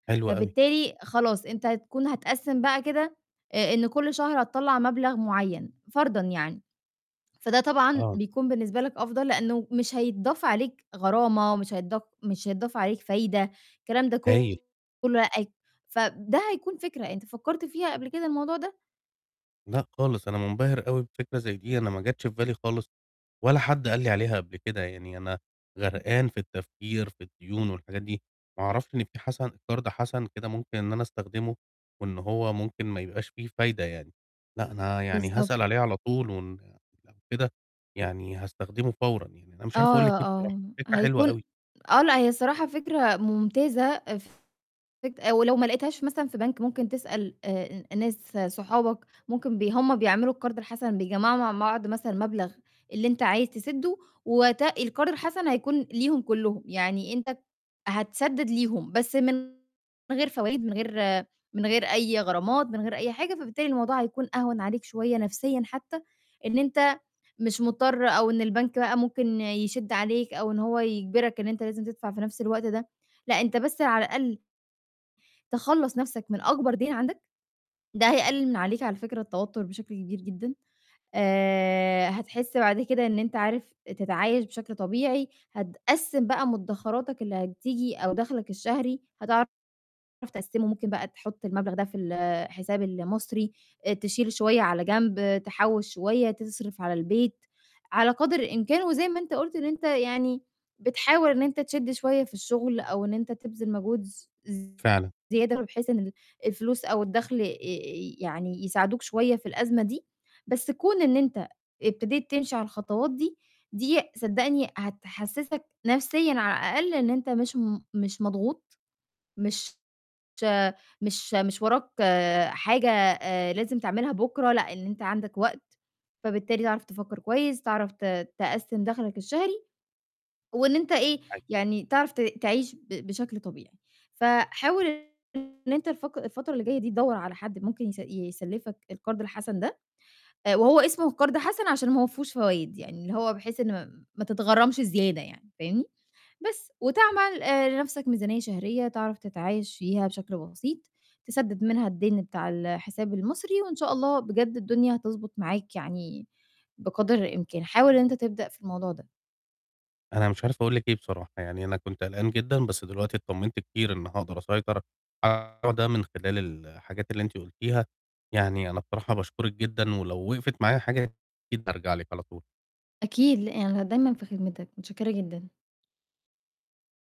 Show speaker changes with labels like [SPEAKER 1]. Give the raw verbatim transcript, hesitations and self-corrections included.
[SPEAKER 1] حلو أوي.
[SPEAKER 2] فبالتالي خلاص أنت هتكون هتقسِّم بقى كده آآ إن كل شهر هتطلَّع مبلغ مُعيّن فرضًا يعني. فده طبعًا
[SPEAKER 1] آه.
[SPEAKER 2] بيكون بالنسبة لك أفضل لإنّه مش هيتضاف عليك غرامة مش هيتضاف مش هيتضاف عليك فايدة. الكلام ده ك
[SPEAKER 1] هايل.
[SPEAKER 2] كُلّه أأي فب ده هيكون فكرة، أنت فكّرت فيها قبل كده الموضوع ده؟
[SPEAKER 1] لأ خالص، أنا مُنبَهر أوي بفكرة زي دي، أنا ما جاتش في بالي خالص ولا حد قال لي عليها قبل كده، يعني أنا غرقان في التفكير، في الديون والحاجات دي، ما أعرفش إن في حَسَن قَرْض حَسَن كده ممكن إن أنا أستخدمه وإن هو ممكن ما يبقاش فيه فايدة يعني. لأ، أنا يعني
[SPEAKER 2] بالضبط.
[SPEAKER 1] هاسأل عليه على طول، وإن لو كده يعني هاستخدمه فورًا، يعني أنا مش عارف
[SPEAKER 2] آه،
[SPEAKER 1] أقول
[SPEAKER 2] ي
[SPEAKER 1] لِك إيه بصراحة،
[SPEAKER 2] آه،
[SPEAKER 1] الفكرة حلوة
[SPEAKER 2] هيكون
[SPEAKER 1] أوي.
[SPEAKER 2] آه، لأ، هي الصراحة فكرة ممتازة اف فت ولو ما لقيتهاش مثلًا في بَنْك ممكن تسأل آآ ن ناس صُحَابَك ممكن بي هُم بيعملوا القَرْض الحَسَن بيجّمعوا مع معض مثلًا، مبلغ اللي أنت عايز تسِدّه ووقتها القَرْض الحَسَن هيكون ليهم كُلّهم. يعني أنت ب هتسدِّد ليهم بس من من غير فوايد، من غير من غير أي غرامات، من غير أي حاجة. فبالتالي الموضوع هيكون أهوَن عليك شوية نَفْسيًا حتّى إن أنت مش مضطر أو إن البَنْك بقى ممكن يشِد عليك أو إن هو يجبرك إن أنت لازم تدفع في نَفْس الوقت ده. لأ، أنت بس على الأقل تخلَّص نفَسْك من أكبر دَيْن عندك، ده هيقلِّل من عليك على فكرة التوتُّر بشكل كبير جدًا. آآ هَتحسّ بعد كده، إن أنت عارف تتعايش بشكل طبيعي، هتقسِّم بقى مُدَّخراتَك اللي هتيجي أو دخْلَك الشهري هتعرف تقسّمه. ممكن بقى تحُطّ المبلغ ده في الحساب المصري، آآ تشيل شوية على جنب، تحوِّش شوية، تصرِف على البيت على قدر الإمكان وزي ما أنت قُلت إن أنت يعني "بتحاول إن أنت تشدّ شوية في الشُغل" أو إن أنت "تبذِل مجهود ز ز
[SPEAKER 1] فعلًا.
[SPEAKER 2] زيادة" بحيث إن ال الفلوس أو الدخْل آآ ي يعني يساعِدوك شوية، في الأزمة دي. بس كُون إن أنت ابتديت تمشي على الخطوات دي دي صدّقني هتحسِّسك نَفْسيًا على الأقل إن أنت مش م مش مضغوط، مش مش مش وراك حاجة آآ لازم تعملها بُكرة، لأ، إن أنت عندَك وقت، فبالتالي تعرف تفكَّر كويس، تعرف ت تقسِّم دخْلَك الشهري وإن أنت إيه،
[SPEAKER 1] أي
[SPEAKER 2] يعني تعرف ت تعيش ب بشكل طبيعي. فحاول إن إن أنت الفق الفترة اللي جاية دي تدوَّر على حد ممكن يس يسلِّفَك القَرْض الحَسَن ده، آآ وهو اسمه قَرْض حَسَن عشان ما هوَ فيهوش فوايد، يعني اللي هو بحيث إن م ما تتغرّمش زيادة يعني، فاهمني، بس. وتعمل آآ لنَفْسك ميزانية شهرية تعرف تتعايش فيها بشكل بسيط، تسدِّد منها الدَيْن بتاع الحساب المصري وإن شاء الله بجد، الدنيا هتضبُط معاك يعني بقدر الإمكان. حاول إن أنت تبدأ في الموضوع ده.
[SPEAKER 1] أنا مش عارف، أقول لِك إيه بصراحة، يعني أنا كنت قلقان جدًا، بس دلوقتي اتطمِنت كتير إن هاقدر أسيطر على الموضوع ده من خلال الحاجات اللي أنتِ قُلتيها، يعني أنا بصراحة باشكُرِك جدًا، ولو وِقِفت معايا حاجة، أكيد بارجع لِك على طول.
[SPEAKER 2] أكيد، ل أنا دايمًا في خِدمِتَك، مٌتشكِّرة جدًا.